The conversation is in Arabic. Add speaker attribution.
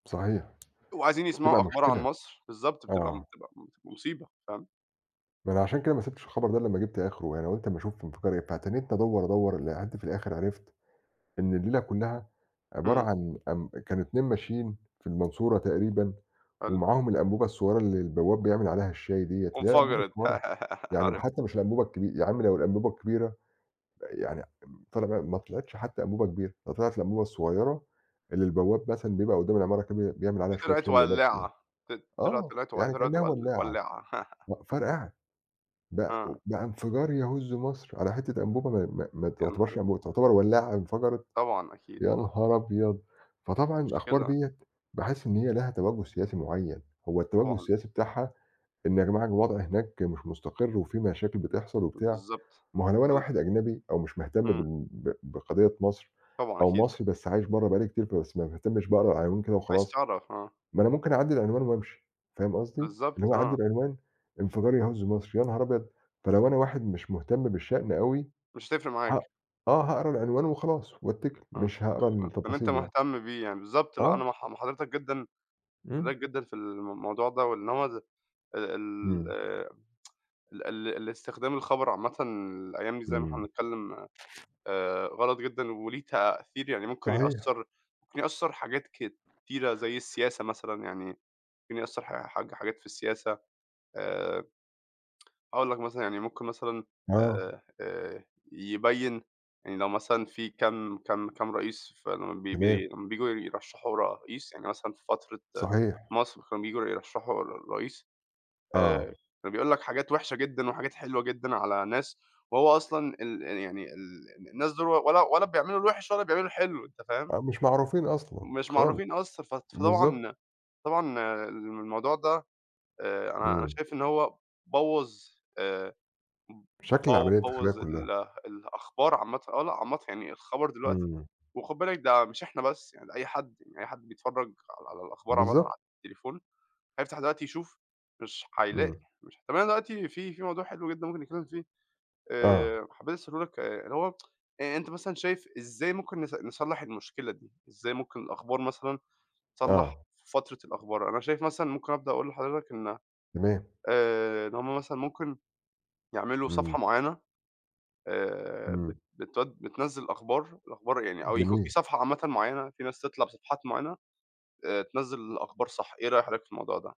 Speaker 1: صحيح.
Speaker 2: وعايزين
Speaker 1: بتبقى
Speaker 2: يسمعوا أخبار عن
Speaker 1: مشكلة.
Speaker 2: مصر بالضبط بتبقى م
Speaker 1: آه.
Speaker 2: بتبقى مت مصيبة فاهم؟
Speaker 1: ما أنا عشان كده ما سِبتش الخبر ده إلّا أمّا جبت أخره يعني قُلت أما اشوفهم في قرية، فتنِّيتني أدوّر أدوّر لحد في الآخر عرفت إن الليلة كلّها عبارة
Speaker 2: إمم.
Speaker 1: عن أم كانوا اتنين ماشيين في المنصورة تقريبًا،
Speaker 2: حلو.
Speaker 1: ومعاهم الأنبوبة الصغيّرة اللي البواب بيعمل عليها الشاي دِيّة، اللي هي الأنبوبة
Speaker 2: وانفجرت
Speaker 1: الصغيرة يعني ما
Speaker 2: عارفها.
Speaker 1: حتى مش الأنبوبة الكبي يا عَم لو الأنبوبة الكبيرة، يعني أم طلع بقى ما طلعتش حتى أنبوبة كبيرة، ده طلعت الأنبوبة الصغيرة اللي البواب مثلًا بيبقى قدّام العمارة كده بي بيعمل
Speaker 2: دي
Speaker 1: عليها شوية
Speaker 2: طلعت
Speaker 1: شاي لنَفسه
Speaker 2: ولّاعة
Speaker 1: يعني،
Speaker 2: ط طلعت
Speaker 1: آه
Speaker 2: طلعت و
Speaker 1: يعني
Speaker 2: طلعت
Speaker 1: كإنّها
Speaker 2: ول
Speaker 1: ولّاعة
Speaker 2: ولّاعة.
Speaker 1: مأ فرقعت بق
Speaker 2: آه.
Speaker 1: بقى انفجار يهُز مصر على حتة أنبوبة ما ما ما
Speaker 2: يا نهار
Speaker 1: تعتبرش
Speaker 2: اس
Speaker 1: أنبوبة تعتبر ولّاعة انفجرت
Speaker 2: طبعًا أكيد.
Speaker 1: يا نهار أبيض! فطبعًا الأخبار
Speaker 2: مشكلة.
Speaker 1: دِيّة باحس إن هي لها تَوجّه سياسي معيّن، هو التَوجّه
Speaker 2: طبعًا.
Speaker 1: السياسي بتاعها إن يا جماعة الوضع هناك مش مُستقر، وفي مشاكل بتحصل وبتاع
Speaker 2: بالضبط.
Speaker 1: ما هو لو أنا
Speaker 2: آه ال
Speaker 1: واحد أجنبي أو مش مهتم
Speaker 2: إمم.
Speaker 1: بال بق بقضية مصر
Speaker 2: طبعًا
Speaker 1: أو
Speaker 2: أكيد.
Speaker 1: مصري بس عايش برّا بقى لي كتير فبس ما باهتمش باقرا العناوين كده
Speaker 2: عايز
Speaker 1: وخلاص،
Speaker 2: تعرف آه.
Speaker 1: ما أنا ممكن أعدّي العنوان وأمشي فاهم قصدي؟ اللي
Speaker 2: بالضبط
Speaker 1: هو أعدِّي
Speaker 2: آه.
Speaker 1: عنوان انفجار يهُز مصر يا نهار أبيض! فلو أنا واحد مش مهتم بالشأن أوي
Speaker 2: مش هتفرق
Speaker 1: هاق
Speaker 2: معاك.
Speaker 1: آه هاقرا العنوان وخلاص، واتّكِل
Speaker 2: آه
Speaker 1: مش هاقرا
Speaker 2: بإن أنت
Speaker 1: التفاصيل يعني.
Speaker 2: مهتم بيه يعني بالضبط لأ أنا
Speaker 1: آه.
Speaker 2: مع ح مع حضرتك جدًا
Speaker 1: إمم.
Speaker 2: حضرتك جدًا في الموضوع ده، وإن هو ال
Speaker 1: إمم.
Speaker 2: ال ال الإستخدام الخبر عامةً الأيام دي زي ما إحنا
Speaker 1: إمم.
Speaker 2: بنتكلم آآ غلط جدًا وليه تأثير يعني ممكن
Speaker 1: صحيح.
Speaker 2: يأثّر ممكن يأثّر حاجات كتيرة زي السياسة مثلًا يعني ممكن يأثّر حا حاج حاجات في السياسة. آآ هاقول لك مثلًا يعني ممكن مثلًا
Speaker 1: آه.
Speaker 2: آآ آآ يبيّن يعني لو مثلًا في كام كام كام رئيس فال بي
Speaker 1: تمام.
Speaker 2: بي لمّا بييجوا يرشّحوا رئيس يعني مثلًا في فترة
Speaker 1: صحيح.
Speaker 2: مصر كانوا بييجوا يرشحوا ر رئيس آآ
Speaker 1: آه.
Speaker 2: كان بيقول لك حاجات وحشة جدًا وحاجات حلوة جدًا على ناس، وهو أصلًا ال ال يعني ال ال الناس دوُل و ولا ولا بيعملوا الوحش ولا بيعملوا الحلو أنت فاهم؟
Speaker 1: أ مش معروفين أصلًا
Speaker 2: مش
Speaker 1: خالص
Speaker 2: معروفين أصلًا ف
Speaker 1: بالضبط.
Speaker 2: فطبعًا طبعًا الم الموضوع ده آآ أنا أنا
Speaker 1: إمم.
Speaker 2: شايف إن هو بوّظ آآ ب
Speaker 1: شكل
Speaker 2: بو
Speaker 1: العملية الداخلية
Speaker 2: بوّظ ال
Speaker 1: كلّها.
Speaker 2: الأخبار عامةً آه لأ عامةً يعني الخبر دلوقتي
Speaker 1: إمم.
Speaker 2: وخُد بالك ده مش إحنا بس يعني ده أي حد أي حد بيتفرّج على على الأخبار عامةً على
Speaker 1: بالضبط.
Speaker 2: التليفون هيفتح دلوقتي يشوف مش هيلاقي،
Speaker 1: إمم.
Speaker 2: مش طب أنا دلوقتي في في موضوع حلو جدًا ممكن نتكلم فيه
Speaker 1: آه.
Speaker 2: آآ حبيت اسأله لك آآ اللي هو آآ أنت مثلًا شايف إزاي ممكن نص نصلّح المشكلة دي؟ إزاي ممكن الأخبار مثلًا تتصلّح
Speaker 1: آه.
Speaker 2: في فترة الأخبار؟ أنا شايف مثلًا ممكن ابدأ اقول لحضرتك إن
Speaker 1: تمام.
Speaker 2: آآ إن هُم مثلًا ممكن يعملوا
Speaker 1: إمم.
Speaker 2: صفحة معيّنة آآ بت
Speaker 1: إمم.
Speaker 2: بتود بتنزل الأخبار، الأخبار يعني أو يكون في
Speaker 1: جميل.
Speaker 2: صفحة عامةً معيّنة في ناس تطلع بصفحات معيّنة آآ تنزّل الأخبار صح إيه رأي حضرتك في الموضوع ده؟